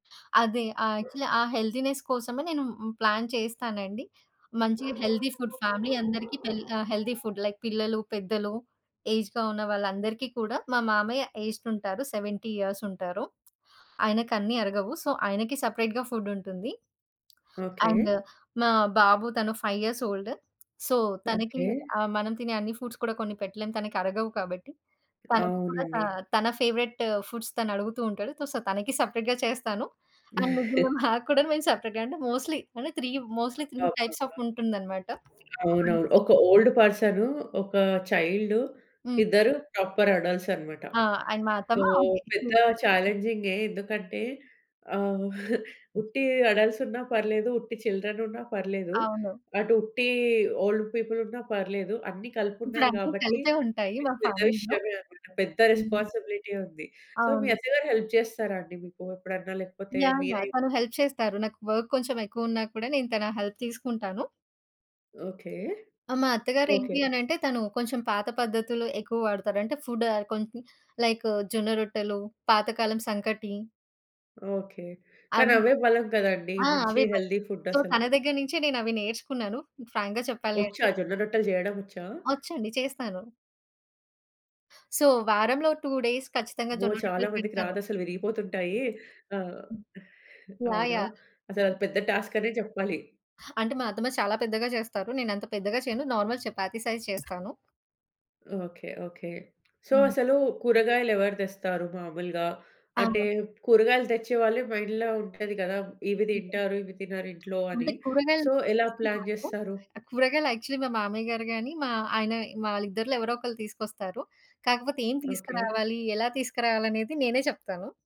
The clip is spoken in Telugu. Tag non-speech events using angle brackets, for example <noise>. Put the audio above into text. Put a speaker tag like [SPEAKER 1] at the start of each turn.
[SPEAKER 1] అదే. ఆహ్, యాక్చువల్లీ ఆ హెల్తీనెస్ కోసమే నేను హ్మ్, ప్లాన్ చేస్తానండి. మంచిగా హెల్తీ ఫుడ్ ఫ్యామిలీ అందరికి తెల్ ఆహ్, హెల్తీ ఫుడ్ లైక్ పిల్లలు, పెద్దలు, ఏజ్డ్‌గా ఉన్న వాళ్ళందరికీ కూడా, మా మామయ్య ఏజ్డ్ ఉంటారు. 70 ఇయర్స్ ఉంటారు. ఆయనకన్నీ అరగవు. సో, ఆయనకి సపరేట్‌గా ఫుడ్ ఉంటుంది.
[SPEAKER 2] ఓకే.
[SPEAKER 1] అండ్ మా బాబు తను 5 ఇయర్స్ ఓల్డ్. సో, తనకి
[SPEAKER 2] ఓకే.
[SPEAKER 1] ఆహ్, మనం తినే అన్ని ఫుడ్స్ కూడా కొన్ని పెట్టలేం తనకరగవు కాబట్టి. తనకి కూడా త
[SPEAKER 2] అవునండి.
[SPEAKER 1] తన ఫేవరైట్ ఫుడ్స్ తనడుగుతూ ఉంటాడు. సో, తనకి సపరేట్‌గా చేస్తాను. అండ్ ముగ్గురుం
[SPEAKER 2] <chuckles>
[SPEAKER 1] మాకు కూడాను మేము సపరేట్‌గా అంటేm మోస్ట్‌లీ అంటే 3. మోస్ట్‌లీ 3 టైప్స్ ఆఫ్
[SPEAKER 2] అబ్బబ్బా!
[SPEAKER 1] ఉంటుందనమాట. అన్
[SPEAKER 2] అవునవును.
[SPEAKER 1] సె
[SPEAKER 2] ఒక ఓల్డ్ పర్సను, ఒక చైల్డు,
[SPEAKER 1] హ్మ్.
[SPEAKER 2] ఇద్దరు ప్రాపర్ అడల్ట్స్ అనమాట.
[SPEAKER 1] ఆ! అండ్ మా
[SPEAKER 2] సో,
[SPEAKER 1] అత్తమ్మ ఓకే.
[SPEAKER 2] పెద్ద
[SPEAKER 1] హ్మ్.
[SPEAKER 2] చాలెంజింగే. ఎందుకంటే ఆహ్, <chuckles>
[SPEAKER 1] హ్మ్.
[SPEAKER 2] ఉట్టి అడల్ట్స్ ఉన్నా పర్లేదు, ఉట్టి చిల్డ్రన్ ఉన్నా పర్లేదు.
[SPEAKER 1] అవును.
[SPEAKER 2] అటు ఉట్టి ఓల్డ్ పీపుల్ ఉన్న పర్లేదు. అన్నీ కలిపున్నారు
[SPEAKER 1] ఇప్పుడన్ని
[SPEAKER 2] గాబట్టి
[SPEAKER 1] కలిపే ఉంటాయి
[SPEAKER 2] మీకు
[SPEAKER 1] మా
[SPEAKER 2] పెద్ద
[SPEAKER 1] ఫ్యామిలీలో.
[SPEAKER 2] విషయమే అనమాట. పెద్ద
[SPEAKER 1] హ్మ్.
[SPEAKER 2] రెస్పాన్సిబిలిటీయే ఉంది. సో, మీ
[SPEAKER 1] అవును.
[SPEAKER 2] అత్తగారు హెల్ప్ చేస్తారా అండి మీకు ఎప్పుడన్నా? లేకపోతే
[SPEAKER 1] యాహ్! యాహ్!
[SPEAKER 2] మీరే
[SPEAKER 1] తను హెల్ప్ చేస్తారు. నాకు వర్క్ కొంచెం ఎక్కువున్నా కూడా, నేను తన హెల్ప్ తీసుకుంటాను.
[SPEAKER 2] ఓకే.
[SPEAKER 1] ఆ! మా అత్తగారు
[SPEAKER 2] ఓకే.
[SPEAKER 1] ఏంటి అని అంటే, తను కొంచెం పాత పద్ధతులు ఎక్కువ వాడతారు. అంటే ఫుడ్ ఆహ్, కొంచెం లైక్ జొన్న రొట్టెలు, పాతకాలం సంకటి
[SPEAKER 2] ఓకే. కానీ
[SPEAKER 1] అవి
[SPEAKER 2] అవే బలం కదండీ!
[SPEAKER 1] ఆ!
[SPEAKER 2] మంచి
[SPEAKER 1] అవే మరి.
[SPEAKER 2] హెల్తీ ఫుడ్
[SPEAKER 1] సో,
[SPEAKER 2] అసలు!
[SPEAKER 1] తన దగ్గర నుంచే నేనవి నేర్చుకున్నాను ఫ్రాంక్‌గా చెప్పాలి
[SPEAKER 2] వచ్చా
[SPEAKER 1] అంటే.
[SPEAKER 2] జొన్న రొట్టెలు జేయడమొచ్చా?
[SPEAKER 1] వచ్చండి చేస్తాను. సో, వారంలో 2 డేస్ ఖచ్చితంగా
[SPEAKER 2] అమ్మో!
[SPEAKER 1] జొన్న
[SPEAKER 2] చాలా
[SPEAKER 1] రొట్టెలు
[SPEAKER 2] మందికి
[SPEAKER 1] పెడతాను.
[SPEAKER 2] రాదసలు విరిగిపోతుంటాయి. ఆహ్
[SPEAKER 1] హ్మ్. యాహ్!
[SPEAKER 2] అవునా!
[SPEAKER 1] యాహ్!
[SPEAKER 2] అసలు అది
[SPEAKER 1] అన్
[SPEAKER 2] పెద్ద టాస్క్ అనే చెప్పాలి.
[SPEAKER 1] అంటే మా అత్తమ్మ చాలా పెద్దగా చేస్తారు. నేనంత పెద్దగా చేయను. నార్మల్ చపాతీ సైజ్ చేస్తాను.
[SPEAKER 2] ఓకే. ఓకే. సో,
[SPEAKER 1] హ్మ్.
[SPEAKER 2] అసలు కూరగాయలు ఎవరు తెస్తారు మామూలుగా? అంటే
[SPEAKER 1] అవును.
[SPEAKER 2] కూరగాయలు తెచ్చే వాళ్ళే మైండ్‌లో ఉంటది కదా! ఇవి
[SPEAKER 1] హుహు.
[SPEAKER 2] తింటారు ఇవి తినరింట్లో అని
[SPEAKER 1] అంటే కూరగాయలు
[SPEAKER 2] సో, ఎలా ప్లాన్
[SPEAKER 1] తీసుకురాను.
[SPEAKER 2] చేస్తారు?
[SPEAKER 1] కూరగాయలు యాక్చువల్లి మా మామయ్య గారు గాని, మా ఆయన వాళ్ళిద్దరిలో ఎవరో ఒకళ్ళు తీసుకొస్తారు. కాకపోతే ఏం
[SPEAKER 2] ఓకే.
[SPEAKER 1] తీసుకురావాలి, ఎలా తీసుకురావాలి అనేది నేనే చెప్తాను.